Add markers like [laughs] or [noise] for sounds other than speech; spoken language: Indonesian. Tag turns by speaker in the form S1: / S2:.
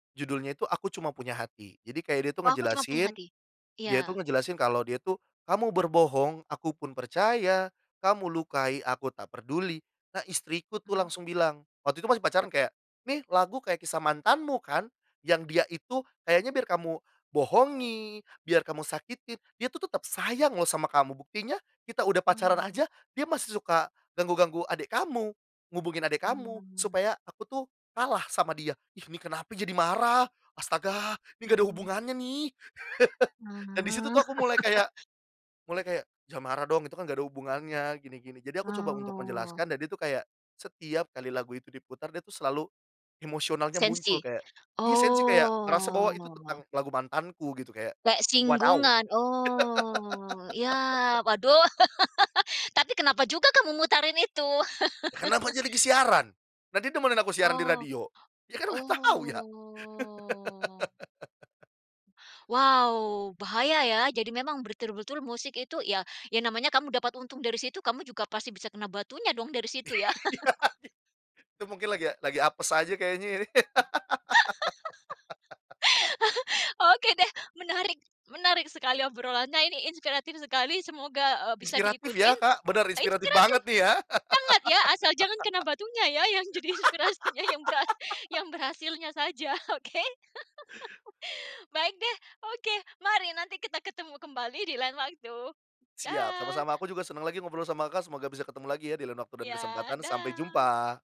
S1: Judulnya itu Aku Cuma Punya Hati. Jadi kayak dia itu
S2: Oh, Aku Cuma Punya
S1: ngejelasin
S2: Hati?
S1: dia itu
S2: Iya.
S1: ngejelasin kalau dia itu, kamu berbohong, aku pun percaya, kamu lukai, aku tak peduli. Nah istriku, tuh,
S2: Mmm.
S1: langsung bilang. Waktu itu masih pacaran kayak, "Nih, lagu kayak kisah mantanmu, kan? Yang dia itu kayaknya biar kamu bohongi, biar kamu sakitin, dia, tuh, tetap sayang loh sama kamu. Buktinya kita udah
S2: Wah,
S1: pacaran
S2: heeh.
S1: aja dia masih suka ganggu-ganggu adik kamu, hubungin adek kamu
S2: Mmm.
S1: supaya aku, tuh, kalah sama dia." Ih, ini kenapa jadi marah? Astaga! Ini nggak ada
S2: Mmm.
S1: hubungannya, nih! [laughs] Dan di situ,
S2: Mmm.
S1: tuh, aku mulai
S2: [laughs]
S1: kayak mulai kayak, "Jangan marah dong itu, kan, nggak ada hubungannya." Gini-gini. Jadi aku coba untuk
S2: Oh.
S1: menjelaskan dan dia, tuh, kayak, setiap kali lagu itu diputar dia, tuh, selalu emosionalnya muncul
S2: Sensi,
S1: kayak iya sensi kayak ngerasa bahwa itu
S2: oh.
S1: tentang lagu mantanku gitu kayak
S2: Kayak
S1: wadaw.
S2: singgungan, oh, ya, waduh
S1: [laughs]
S2: [laughs] tapi kenapa juga kamu mutarin itu?
S1: Kenapa
S2: [laughs]
S1: jadi ke siaran? Nanti demenin aku siaran di
S2: Oh.
S1: radio. Ya, kan, nggak tahu, ya.
S2: Oh.
S1: [laughs]
S2: Wow, bahaya, ya. Jadi memang betul-betul musik itu, ya, namanya kamu dapat untung dari situ, kamu juga pasti bisa kena batunya dong dari situ,
S1: Iya,
S2: ya. [laughs]
S1: itu mungkin lagi lagi apes aja kayaknya ini. [laughs]
S2: [laughs] Oke, deh, menarik. Menarik sekali obrolannya ini inspiratif sekali, semoga, eee, bisa
S1: Inspiratif, ya,
S2: diikutin
S1: Kak, bener inspiratif
S2: inspiratif.
S1: banget, nih, ya.
S2: Sangat, ya, asal jangan kena batunya, ya, yang jadi inspirasinya yang berhas yang
S1: [laughs]
S2: berhasilnya saja, oke. [laughs] Baik, deh, oke. Mari nanti kita ketemu kembali di lain waktu.
S1: Siap,
S2: Dah.
S1: sama-sama aku juga senang lagi ngobrol sama Kakak, semoga bisa ketemu lagi, ya, di lain waktu dan
S2: Iya,
S1: kesempatan sampai
S2: dah.
S1: jumpa.